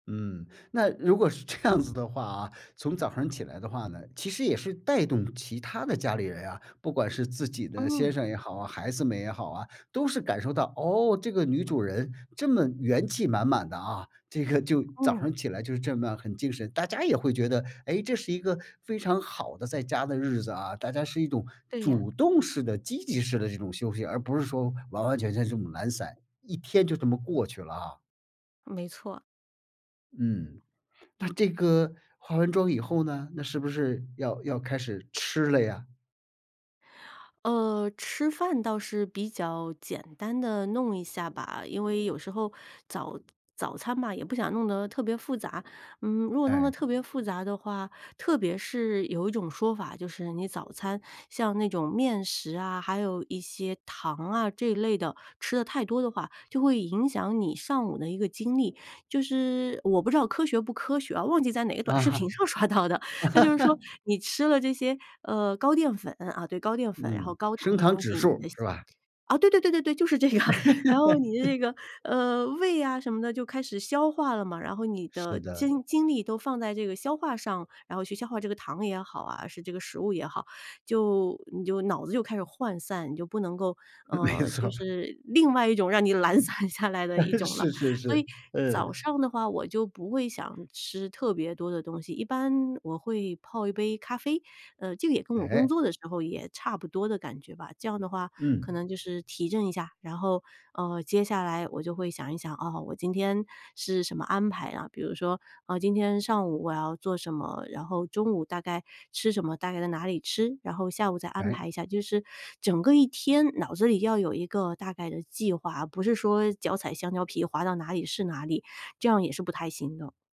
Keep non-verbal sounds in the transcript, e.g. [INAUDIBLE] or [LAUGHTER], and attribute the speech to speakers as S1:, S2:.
S1: 嗯，那如果是这样子的话啊，从早晨起来的话呢，其实也是带动其他的家里人啊，不管是自己的先
S2: 嗯。
S1: 生也好，孩子们也好啊，都是感受到，哦，这个女主人这么元气满满的啊，这个就早
S2: 嗯。
S1: 上起来就这么很精神，大家也会觉得，哎，这是一个非常好的在家的日子啊，大家是一种
S2: 对呀。
S1: 主动式的积极式的这种休息，而不是说完完全全这种懒散，一天就这么过去了啊。
S2: 没错。
S1: 嗯，那这个化完妆以后呢，那是不是要要开始吃了呀？
S2: 呃，吃饭倒是比较简单地弄一下吧，因为有时候早早餐嘛，也不想弄得特别复杂，嗯，如果弄得
S1: 哎。
S2: 特别复杂的话，特别是有一种说法，就是你早餐像那种面食啊，还有一些糖啊，这一类的，吃得太多的话，就会影响你上午的一个精力，就是我不知道科学不科学哦，忘记在哪个短
S1: 啊
S2: 视
S1: 哈。
S2: 频上刷到的，它就是说
S1: [LAUGHS]
S2: 你吃了这些，呃，高淀粉，啊，对，高淀粉，然后
S1: 嗯，
S2: 高糖
S1: 升
S2: 的
S1: 糖
S2: 东
S1: 指
S2: 西，你
S1: 数
S2: 的
S1: 是吧？
S2: 哦，对对对对对，就是这样，然后你
S1: [LAUGHS]
S2: 的
S1: 对。
S2: 这个，呃，胃呀什么的就开始消化了嘛，然后你
S1: 是
S2: 的
S1: 的。
S2: 精精力都放在这个消化上，然后去消化这个糖也好啊，是这个食物也好，就你就脑子就开始涣散，你就不能够，
S1: 没
S2: 呃，就
S1: 错。
S2: 是另外一种让你懒散下来的一
S1: [CHUCKLES]
S2: 种了，
S1: 是是
S2: 所
S1: 是，
S2: 以早
S1: 嗯。
S2: 上的话我就不会想吃特别多的东西，一般我会泡一杯咖啡。呃，这个也跟我工
S1: 哎。
S2: 作的时候也差不多的感觉吧，这样的话可
S1: 嗯。
S2: 能就是提振一下，然后，呃，接下来我就会想一想，啊，我今天是什么安排啊，比如说，啊，今天上午我要做什么，然后中午大概吃什么，大概在哪里吃，然后下午再安
S1: 哎。
S2: 排一下，就是整个一天脑子里要有一个大概的计划，而不是说脚踩香蕉皮滑到哪里是哪里，这样也是不太行的。